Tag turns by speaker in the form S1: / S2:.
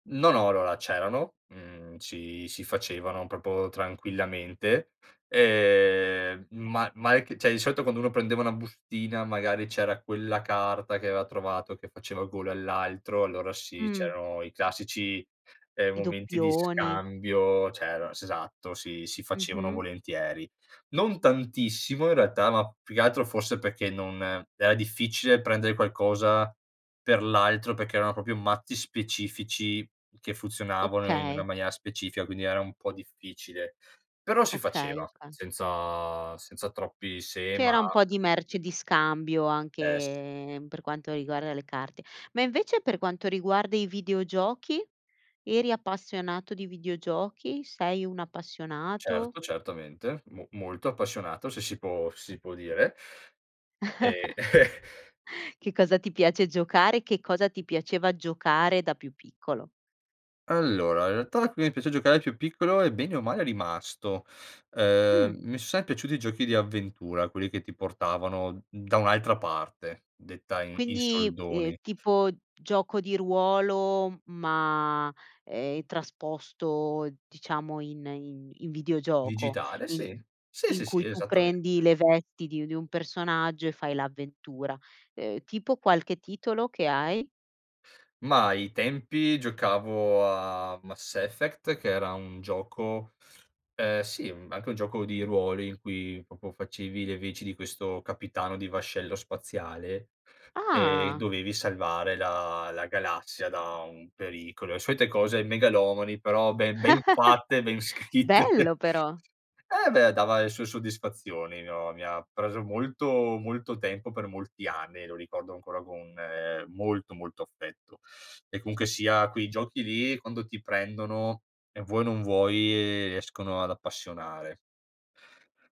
S1: No, no, allora c'erano, mhmm, si si facevano proprio tranquillamente, ehm, ma ma [unintelligible] cioè, di solito quando uno prendeva una bustina magari c'era quella carta che aveva trovato che faceva gola all'altro, allora sì,
S2: Mh.
S1: c'erano i classici, ehm,
S2: I
S1: momenti di
S2: doppioni.
S1: scambio, cioè er esatto, sì, si facevano
S2: Mh-mh.
S1: volentieri. Non tantissimo in realtà, ma più che altro forse perché non era difficile prendere qualcosa per l'altro, perché erano proprio mazzi specifici, che funzionavano in una
S2: Okay.
S1: maniera specifica, quindi era un po' difficile. Però si
S2: Okay,
S1: faceva
S2: oka
S1: senza senza troppi se, ma
S2: C'era un po' di merce di scambio,
S1: Eh s
S2: anche per quanto riguarda le carte. Ma invece per quanto riguarda i videogiochi, eri appassionato di videogiochi? Sei un appassionato?
S1: Certo, certamente, mo molto appassionato se si può se si può dire, ehm
S2: Che cosa ti piace giocare? Che cosa ti piaceva giocare da più piccolo?
S1: Allora, in realtà qui mi piace giocare più piccolo e, bene o male, è rimasto,
S2: Mh.
S1: ehm, mi son sempre piaciuti i giochi di avventura, quelli che ti portavano da un'altra parte, detta in in
S2: Quindi, ehm,
S1: soldoni.
S2: tipo gioco di ruolo, ma, ehm, trasposto diciamo in in in videogioco,
S1: Digitale,
S2: in
S1: sì, sì, sì,
S2: in
S1: sì,
S2: cui tu
S1: esattamente.
S2: prendi le vesti di di un personaggio e fai l'avventura, ehm, tipo qualche titolo che hai?
S1: Mah, ai tempi giocavo a Mass Effect che era un gioco ehm, sì, anche un gioco di ruolo in cui proprio facevi le veci di questo capitano di vascello spaziale, ehm,
S2: Ah!
S1: dovevi salvare la la galassia da un pericolo. E solite cose megalomani però ben ben fatte, ben scritte.
S2: Bello però!
S1: Eh beh, dava le sue soddisfazioni. Mi ho mi ha preso molto molto tempo, per molti anni, lo ricordo ancora con, ehm, molto, molto affetto. E comunque sia quei giochi lì, quando ti prendono e vuoi o non vuoi, riescono ad appassionare.